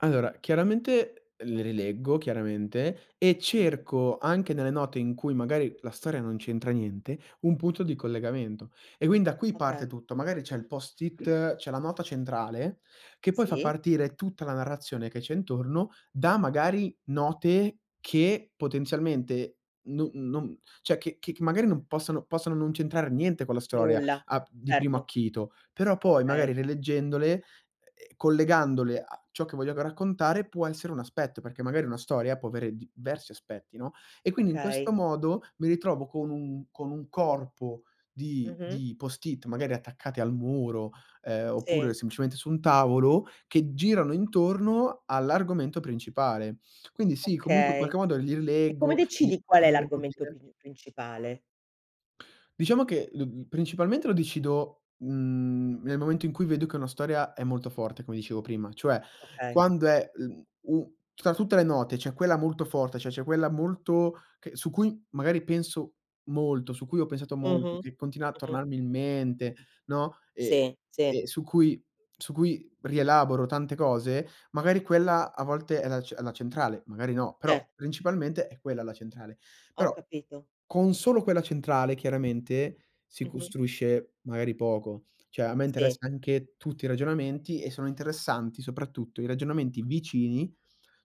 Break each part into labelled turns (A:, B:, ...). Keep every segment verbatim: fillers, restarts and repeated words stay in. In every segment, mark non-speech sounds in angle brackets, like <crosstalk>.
A: Allora chiaramente le rileggo, chiaramente, e
B: Mh-mh.
A: cerco anche nelle note in cui magari la storia non c'entra niente, un punto di collegamento. E quind da qui
B: Oka.
A: parte tutto, magari c'è il post-it c'è la nota centrale, che poi fa
B: Sì.
A: partire tutta la narrazione che c'è intorno da, magari, note che potenzialmente no non ceh che che magari non possono possono non c'entrare niente con la storia
B: Nulla,
A: al di primo
B: certo.
A: acchito, però poi magari
B: Okay.
A: rileggendole, e collegandole a ciò che voglio raccontare, può essere un aspetto, perché magari una storia può avere diversi aspetti, no, e quindi in questo
B: Okay.
A: modo mi ritrovo con un con un corpo di
B: Mh-mh.
A: di post-it, magari attaccati al muro, ehm, oppure
B: Sì.
A: semplicemente su un tavolo, che girano intorno all'argomento principale. Quindi sì, comunque in
B: Okay.
A: qualche modo li
B: E come
A: rileggo, mi
B: decidi qual è
A: <unintelligible>
B: l'argomento
A: ordine
B: pri principale?
A: Diciamo che, mhmm, principalmente lo decido, mhmm, nel momento in cui vedo che una storia è molto forte, come dicevo prima, cioè
B: Okay.
A: quando è, mhmm, u tra tutte le note c'è quella molto forte, ceh c'è quella molto che su cui magari penso molto, su cui ho pensato molto,
B: Mh-mh,
A: che continua a
B: mh-mh.
A: tornarmi in mente, no, ehm
B: Sì, sì.
A: ehm, su cui su cui rielaboro tante cose, magari quella a volte è la c è la centrale, magari no, però
B: Cer
A: principalmente è quella la centrale.
B: Ho
A: Però,
B: capito.
A: con solo quella centrale, chiaramente, si
B: Mh-mh.
A: costruisce magari poco. ceh a me
B: Sì.
A: interessa anche tutti i ragionamenti e sono interessanti soprattutto i ragionamenti vicini,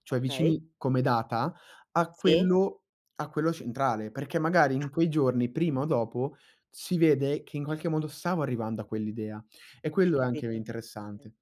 A: cioè
B: Okay.
A: vicini come data, a
B: Sì.
A: quello a quello centrale, perché magari in
B: <unintelligible>
A: quei giorni, prima o dopo, si vede che in qualche modo stavo arrivando a quell'idea e
B: Hai
A: quello è anche
B: capito. <unintelligible>
A: interessante.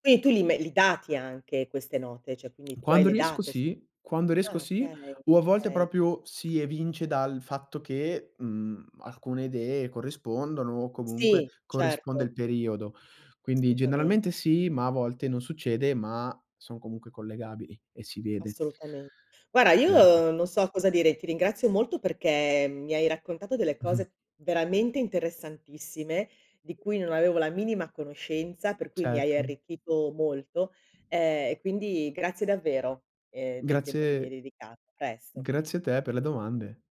B: Quindi tu li me li dati anche queste note, ceh quindi tu hai
A: Quando
B: le
A: riesco
B: date su
A: sì quando riesco
B: ah
A: sì,
B: okay
A: o a volte
B: okay.
A: propio si evince dal fatto che, mhmm, alcune idee corrispondono o comunque
B: Sì,
A: corrisponde
B: certo.
A: il periodo. Quindi
B: Solutament
A: generalmente sì, ma a volte non succede, ma sono comunque collegabili e si vede.
B: Assolutamente. guara,
A: <unintelligible>
B: io non so cosa dire, ti ringrazio molto perché mi hai raccontato delle
A: <chuckles>
B: cose veramente interessantissime, di cui non avevo la minima conoscenza, per cui mi hai
A: Certo.
B: arricchito molto, ehm, e quindi grazie davvero, ehm, del tempo che mi hai
A: Grazie,
B: dedicato. A presto.
A: grazie a te per le domande.